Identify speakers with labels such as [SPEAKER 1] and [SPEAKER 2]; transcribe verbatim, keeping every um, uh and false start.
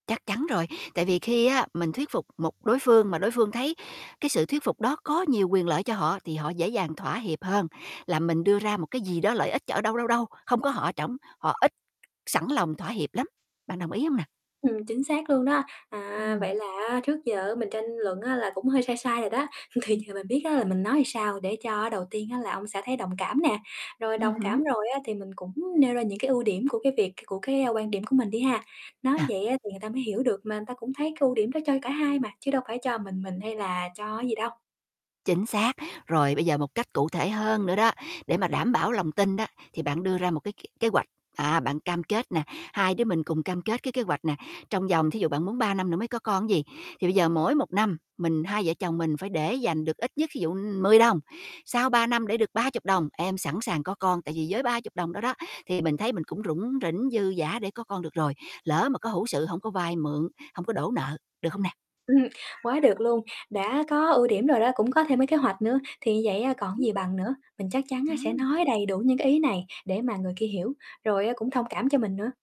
[SPEAKER 1] Chắc chắn rồi. Tại vì khi á, mình thuyết phục một đối phương mà đối phương thấy cái sự thuyết phục đó có nhiều quyền lợi cho họ, thì họ dễ dàng thỏa hiệp hơn là mình đưa ra một cái gì đó lợi ích ch ở đâu, đâu, đâu, không có họ ở trỏng, họ ít sẵn lòng thỏa hiệp lắm. Bạn đồng ý hông nà?
[SPEAKER 2] Ừm, chính xác luôn đó. À,
[SPEAKER 1] Ừm.
[SPEAKER 2] vậy là á, trước giờ mình tranh luận á là cũng hơi sai sai rồi đó. Thì giờ mình biết á là mình nói sao để cho đầu tiên á là ông xã thấy đồng cảm nè, rồi đồng
[SPEAKER 1] Ừm hứm.
[SPEAKER 2] cảm rồi á, thì mình cũng nêu ra những cái ưu điểm của cái việc cái của cái quan điểm của mình đi ha. Nói
[SPEAKER 1] Ờ.
[SPEAKER 2] vậy á thì người ta mới hiểu được, mà ừn ta cũng thấy cái ưu điểm đó cho cả hai mà, chứ đâu phải cho mình mình hay là cho cái gì đâu.
[SPEAKER 1] Chính xác. Rồi bây giờ một cách cụ thể hơn nữa đó, để mà đảm bảo lòng tin đó, thì bạn đưa ra một cái k kế hoạch. À, bạn cam kết nè, hai đứa mình cùng cam kết cái kế hoạch nè, trong vòng thí dụ bạn muốn ba năm nữa mới có con ứn gì, thì bây giờ mỗi một năm mình hai vợ chồng mình phải để dành được ít nhất thí dụ, ưm, mười đồng, sau ba năm để được ba chục đồng, em sẵn sàng có con. Tại vì với ba mươi đồng đó đó, thì mình thấy mình cũng rủng rỉnh, dư dả để có con được rồi. Lỡ mà có hữu sự hổng có vay mượn, hông có đổ nợ, được hông nè?
[SPEAKER 2] Ừm, quá được luôn. Đã có ưu điểm rồi đó, cũng có thêm mấy kế hoạch nữa thì như vậy á còn gì
[SPEAKER 1] Ưm,
[SPEAKER 2] bằng nữa. Mình chắc chắn á sẽ
[SPEAKER 1] ừm.
[SPEAKER 2] nói đầy đủ những cái ý này để mà người kia hiểu, rồi á cũng thông cảm cho mình nữa.